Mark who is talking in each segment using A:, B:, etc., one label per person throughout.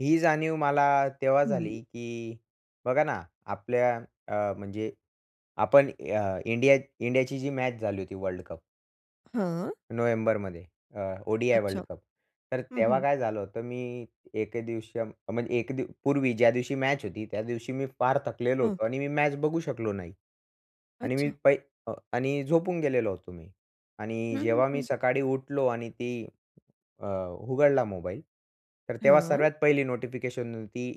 A: ही जाणीव मला तेव्हा झाली,
B: हं.
A: की बघा ना आपल्या अ, म्हणजे आपण अ, इंडिया इंडियाची जी मॅच झाली होती वर्ल्ड कप
B: हां.
A: नोव्हेंबरमध्ये अ, ओ-डी-आय वर्ल्ड
B: अच्छा,
A: कप, तर
B: हं
A: तेव्हा
B: हं.
A: काय झालं होतं, मी एके दिवशी अं, म्हणजे एक दी पूर्वी ज्या दिवशी मॅच होती, त्या दिवशी मी फार थकलेलो
B: हं.
A: होतो आणि मी मॅच बघू शकलो नाही आणि मी
B: अच्छा.
A: पाई अ, आणि झोपून गेलेलो होतो मी. आणि
B: हं, हं,
A: जेव्हा मी
B: हं.
A: सकाळी उठलो आणि ती अ, उघडला मोबाईल, तर तेव्हा
B: हां.
A: सर्वात पहिली नोटिफिकेशन होती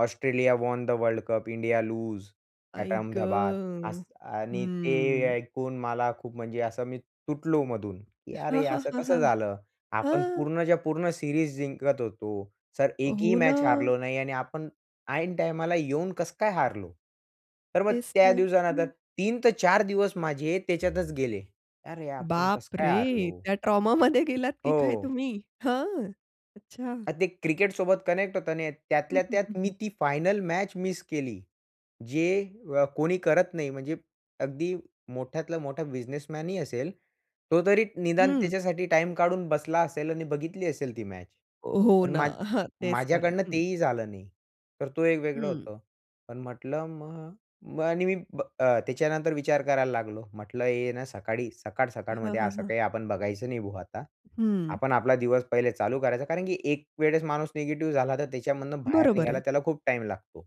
A: Australia won the world cup India lose at
B: I
A: Ahmedabad
B: ग!
A: असं आणि ते
B: हम्म.
A: ऐकून मला खूप म्हणजे असं मी तुटलो मधून, की
B: हां,
A: अरे,
B: हां,
A: असं
B: हां,
A: कसं झालं. आपण
B: हां.
A: पूर्णच्या-पूर्ण सीरीज जिंकत होतो. जर एकही
B: हो
A: मॅच
B: ना.
A: हारलो नाही आणि आपण ऐनटाईमाला येऊन कसं काय हारलो? तर मग
B: तेच
A: त्या
B: तर,
A: दिवसानंतर
B: हं.
A: 3 ते 4 दिवस माझे त्याच्यातच गेले. अरे, आपण कसं काय
B: बापरे!
A: हरलो?
B: त्या ट्रॉमामध्ये गेलात की काय
A: हो.
B: तुम्ही? हां, अच्छा.
A: आणि ते क्रिकेटसोबत कनेक्ट होता नाही येत,
B: हं,
A: त्यातल्या
B: हं, हं,
A: त्यात मी
B: हं.
A: ती फायनल मॅच मिस केली, जे अ, कोणी करत नाही म्हणजे अगदी मोठ्यातलं मोठा बिझनेसमॅनही असेल, तो तरी निदान
B: हं.
A: त्याच्यासाठी टाईम काढून बसला असेल आणि बघितली असेल ती मॅच.
B: हो, हो
A: पण
B: ना,
A: मा
B: हां, तेच तर.
A: माझ्याकडनं
B: हं.
A: तेही झालं नाही, तर तो एक वेगळं
B: हं.
A: होतं. पण म्हटलं मग आणि मी ब अ, त्याच्यानंतर विचार करायला लागलो. म्हटलं हे ना सकाळी
B: हां,
A: सकाळ-सकाळमध्ये
B: हां,
A: असं
B: हां.
A: काही आपण बघायचं नाही भो आता.
B: हं.
A: आपण आपला दिवस पहिले चालू करायचा कारण, की एक वेळेस माणूस निगेटिव्ह झाला, तर त्याच्यामधून बाहेर
B: बरोबर
A: निघायला
B: आहे.
A: त्याला खूप टाईम लागतो.